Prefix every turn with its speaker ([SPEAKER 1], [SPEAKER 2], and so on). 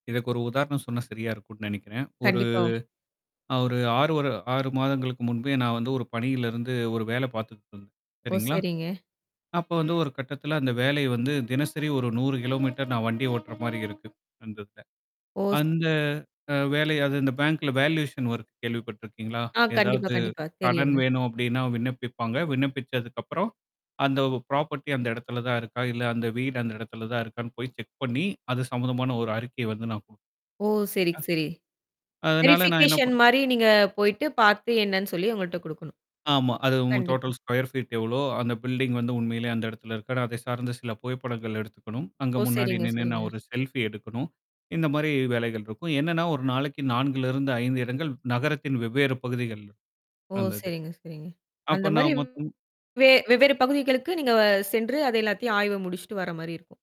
[SPEAKER 1] இதுக்கு ஒரு உதாரணம் சொன்னா சரியா இருக்குன்னு நெனைக்கிறேன். ஒரு
[SPEAKER 2] கண்டிப்பா.
[SPEAKER 1] நான் ஒரு 6- வரு 6 மாதங்களுக்கு முன்பே நான் வந்து ஒரு பணியிலிருந்து ஒரு வேலை பாத்துட்ருந்தேன்.
[SPEAKER 2] ஓ,
[SPEAKER 1] சரிங்களா?
[SPEAKER 2] சரிங்க.
[SPEAKER 1] அப்ப வந்து ஒரு கட்டத்துல அந்த வேலைய வந்து தினசரி ஒரு 100 மீட்டர் கிலோ நான் வண்டி ஓட்டுற மாரி இருக்கு. அந்த இதுல.
[SPEAKER 2] ஓஸ்
[SPEAKER 1] அந்த அ வேலைய அந்த பேங்கல வேலுயேசன் வொர்க்கு கேள்விப்பட்டிருக்கீங்களா?
[SPEAKER 2] ஆ கண்டிப்பா
[SPEAKER 1] ஏதாவது
[SPEAKER 2] கண்டிப்பா
[SPEAKER 1] கடன்
[SPEAKER 2] தெரியுங்க.
[SPEAKER 1] வேணும் அப்டீன்னா, விண்ணப்பிப்பாங்க. விண்ணப்பிச்சதுக்கு அப்புறம், அந்த ப்ராபர்ட்டி அந்த இடத்துல தான் இருக்கா? இல்ல அந்த வீடு அந்த இடத்துல தான் இருக்கான்னு? போய் செக் பண்ணி அது சம்பந்தமான ஒரு அறிக்கை வந்து நான் குடுக்கணும்
[SPEAKER 2] ஓ, சரி சரி.
[SPEAKER 1] அதனால நான் என்ன
[SPEAKER 2] வெரிஃபிகேஷன்
[SPEAKER 1] பண்
[SPEAKER 2] மாரி நீங்க போயிட்டு, பாத்து, என்னான்னு சொல்லி அவுங்கள்ட்ட குடுக்கணும்!
[SPEAKER 1] ஆமா, அது ம்
[SPEAKER 2] கண்டிப்பா.
[SPEAKER 1] டோட்டல் ஸ்கொயர் ஃ பீட் எவளோ? அந்த பில்டிங் வந்து உண்மையிலே அந்த இடத்துல இருக்கா? அதைச் சார்ந்த சில புகைப்படங்கள் எடுத்துக்கணும், அங்க
[SPEAKER 2] ஓ,
[SPEAKER 1] முன்னாடி
[SPEAKER 2] சரிங்க
[SPEAKER 1] நின்னு
[SPEAKER 2] சரிங்க.
[SPEAKER 1] நான் ஒரு செல்ஃபி எடுக்கணும், இந்த மாரி வேலைகள் இருக்கும். என்னன்னா, ஒரு நாளைக்கு 4ல இருந்து 5 இடங்கள் நகரத்தின் வெவ்வேற பகுதிகள்ல,
[SPEAKER 2] ஓ,
[SPEAKER 1] அந்தது.
[SPEAKER 2] சரிங்க சரிங்க. அந்த
[SPEAKER 1] அப்போ
[SPEAKER 2] மாரி
[SPEAKER 1] நான் மொத்தம்
[SPEAKER 2] வேலை வெவ்வேறு பகுதிகளுக்கு, நீங்க அ சென்று, அதை எல்லாத்தையும் ஆய்வு முடிச்சிட்டு வர்ற மாரி இருக்கும்!